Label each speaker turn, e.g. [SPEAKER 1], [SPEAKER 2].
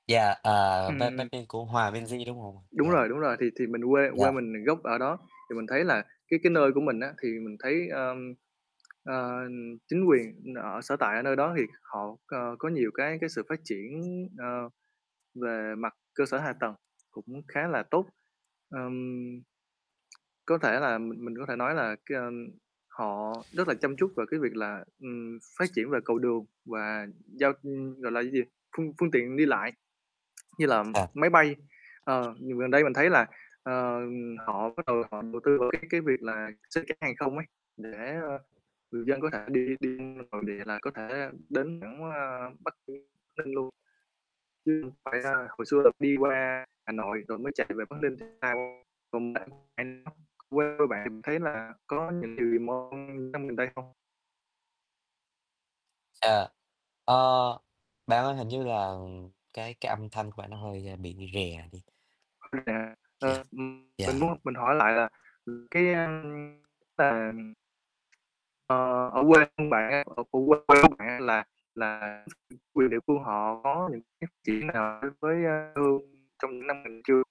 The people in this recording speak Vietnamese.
[SPEAKER 1] Yeah, à, "Bắc
[SPEAKER 2] Ừm.
[SPEAKER 1] Bắc Bling" của Hòa Minzy, đúng hông?
[SPEAKER 2] Đúng
[SPEAKER 1] Yeah.
[SPEAKER 2] rồi, đúng rồi, thì thì mình quê quê
[SPEAKER 1] Yeah.
[SPEAKER 2] mình gốc ở đó, thì mình thấy là cái cái nơi của mình á thì mình thấy, ờm, ờ, chính quyền ở sở tại ở nơi đó thì họ co có nhiều cái cái sự phát triển, ờ, về mặt cơ sở hạ tầng cũng khá là tốt. Ờm. Có thể là mình mình có thể nói là, cái, ưm, họ rất là chăm chút về cái việc là, ừm, phát triển về cầu đường và, ư, giao, ưm gọi là, cái gì, phương phương tiện đi lại. Như là
[SPEAKER 1] À.
[SPEAKER 2] máy bay, ờ, gần gần đây mình thấy là, ờ, họ bắt đầu họ đầu tư vào cái cái việc là xuất cảng hàng không ấy, để, ơ, người dân có thể đi đi nội địa là có thể đến thẳng, ơ, Bắc Ninh Ninh luôn. Chứ không phải là hồi xưa là đi qua Hà Nội rồi mới chạy về Bắc Ninh. [unintelligible] Còn bạn [unintelligible] quê bạn thì mình thấy là có những điều gì mới những năm gần đây không?
[SPEAKER 1] À. Ờ, bạn ơi hình như là cái cái âm thanh của bạn nó hơi bị rè đi.
[SPEAKER 2] [unintelligible]
[SPEAKER 1] Yeah,
[SPEAKER 2] Ờ, mình mình
[SPEAKER 1] yeah.
[SPEAKER 2] muốn mình hỏi lại là, ừ, cái, à, ờ, [unintelligible] ờ, ở quê hương bạn á, ở quê của bạn á là là chính quyền địa phương họ có những phát triển nào đối với, ơ, hương trong những năm gần chưa?